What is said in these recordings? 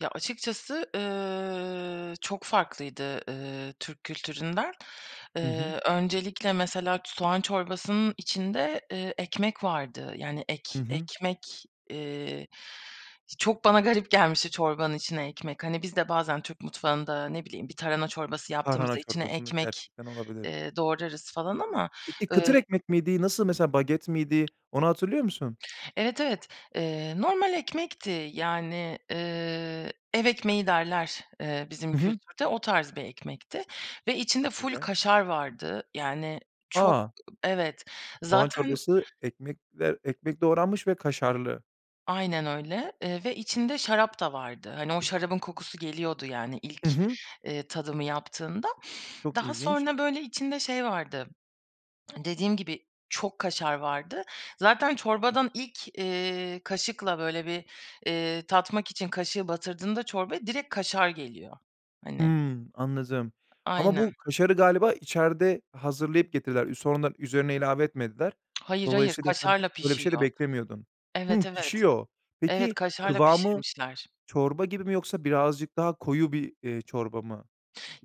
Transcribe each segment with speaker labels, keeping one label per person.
Speaker 1: Ya, açıkçası, ııı, çok farklıydı, ııı, Türk kültüründen.
Speaker 2: Hı hı.
Speaker 1: Eee, öncelikle mesela ç soğan çorbasının içinde, eee, ekmek vardı. Yani,
Speaker 2: Hı
Speaker 1: ek
Speaker 2: hı.
Speaker 1: ekmek, eee, çok bana garip gelmişti çorbanın içine ekmek. Hani, biz de bazen Türk mutfağında, ne bileyim, bir tarhana çorbası
Speaker 2: Tarhana
Speaker 1: yaptığımızda içine
Speaker 2: çorbasının
Speaker 1: ekmek,
Speaker 2: gerçekten olabilir.
Speaker 1: eee, doğrarız falan ama.
Speaker 2: Peki kıtır
Speaker 1: Iıı
Speaker 2: ekmek miydi, nasıl mesela baget miydi, onu hatırlıyor musun?
Speaker 1: Evet, evet, eee, normal ekmekti. Yani, eee, ev ekmeği derler, eee, bizim
Speaker 2: Hı hı.
Speaker 1: kültürde, o tarz bir ekmekti ve içinde
Speaker 2: Çok
Speaker 1: ful
Speaker 2: güzel.
Speaker 1: kaşar vardı. Yani çok
Speaker 2: A!
Speaker 1: Evet.
Speaker 2: Soğan
Speaker 1: Zaten
Speaker 2: çorbası ekmekler ekmek doğranmış ve kaşarlı.
Speaker 1: Aynen öyle, eee, ve içinde şarap da vardı. Hani, o şarabın kokusu geliyordu, yani, ilk,
Speaker 2: Hı hı.
Speaker 1: eee, tadımı yaptığında.
Speaker 2: Çok
Speaker 1: Daha
Speaker 2: ilginç.
Speaker 1: sonra, böyle, içinde şey vardı, dediğim gibi, çok kaşar vardı. Zaten çorbadan ilk, eee, kaşıkla, böyle, bir, eee, tatmak için kaşığı batırdığında çorbaya direkt kaşar geliyor. Hani.
Speaker 2: Hımm, anladım. Ama bu
Speaker 1: Aynen.
Speaker 2: kaşarı galiba içeride hazırlayıp getirdiler. Ü sonradan üzerine ilave etmediler.
Speaker 1: Hayır, hayır,
Speaker 2: Dolayısıyla sen
Speaker 1: kaşarla
Speaker 2: öyle bir şey de
Speaker 1: pişiyor.
Speaker 2: beklemiyordun. Hımm,
Speaker 1: Evet, evet.
Speaker 2: pişiyor.
Speaker 1: Evet,
Speaker 2: Peki
Speaker 1: kaşarla
Speaker 2: kıvamı
Speaker 1: pişirmişler.
Speaker 2: çorba gibi mi yoksa birazcık daha koyu bir, eee, çorba mı?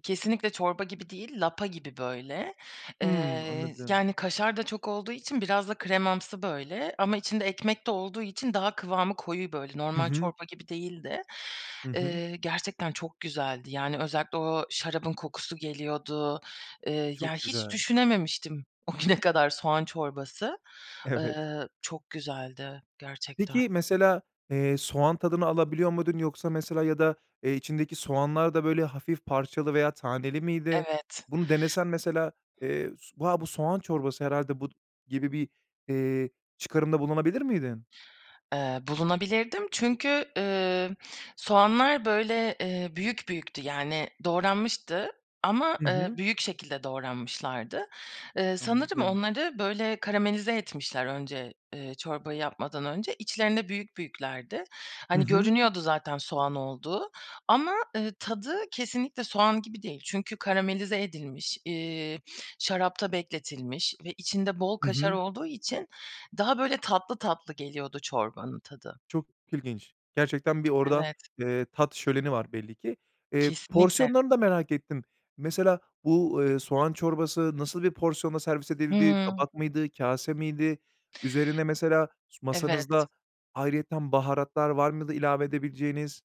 Speaker 1: Kesinlikle çorba gibi değil, lapa gibi böyle,
Speaker 2: Hımm,
Speaker 1: eee,
Speaker 2: anladım.
Speaker 1: yani, kaşar da çok olduğu için biraz da kremamsı böyle ama içinde ekmek de olduğu için daha kıvamı koyu böyle,
Speaker 2: Hı
Speaker 1: normal
Speaker 2: hı.
Speaker 1: çorba gibi değildi.
Speaker 2: Hı hı.
Speaker 1: Eee, gerçekten çok güzeldi. Yani, özellikle o şarabın kokusu geliyordu. Eee, ya,
Speaker 2: Çok
Speaker 1: hiç
Speaker 2: güzel.
Speaker 1: düşünememiştim o güne kadar soğan çorbası.
Speaker 2: Evet.
Speaker 1: Eee, çok güzeldi gerçekten.
Speaker 2: Peki mesela, eee, soğan tadını alabiliyor muydun yoksa mesela ya da, eee, içindeki soğanlar da böyle hafif parçalı veya taneli miydi?
Speaker 1: Evet.
Speaker 2: Bunu denesen mesela, eee, s "Bu ha, bu soğan çorbası herhâlde bu." gibi bir, eee, çıkarımda bulunabilir miydin?
Speaker 1: Eee, bulunabilirdim çünkü, ımm, soğanlar, böyle, eee, büyük büyüktü yani doğranmıştı ama,
Speaker 2: Hı
Speaker 1: eee,
Speaker 2: hı.
Speaker 1: büyük şekilde doğranmışlardı. Eee, sanırım
Speaker 2: Anladım.
Speaker 1: onları böyle karamelize etmişler önce, eee, çorbayı yapmadan önce. İçlerinde büyük büyüklerdi.
Speaker 2: Hı
Speaker 1: Hani,
Speaker 2: hı.
Speaker 1: görünüyordu zaten soğan olduğu ama, eee, tadı kesinlikle soğan gibi değil. Çünkü karamelize edilmiş, iii, şarapta bekletilmiş ve içinde bol
Speaker 2: Hı
Speaker 1: kaşar
Speaker 2: hı.
Speaker 1: olduğu için daha böyle tatlı tatlı geliyordu çorbanın tadı.
Speaker 2: Çok ilginç. Gerçekten bir orada,
Speaker 1: Evet.
Speaker 2: eee, tat şöleni var belli ki. Eee,
Speaker 1: Kesinlikle.
Speaker 2: porsiyonlarını da merak ettim. Mesela bu, eee, soğan çorbası nasıl bir porsiyonla servis edildi?
Speaker 1: Hımm.
Speaker 2: Tabak mıydı? Kâse miydi? Üzerine mesela s
Speaker 1: Evet.
Speaker 2: masanızda ayrıyeten baharatlar var mıydı ilave edebileceğiniz?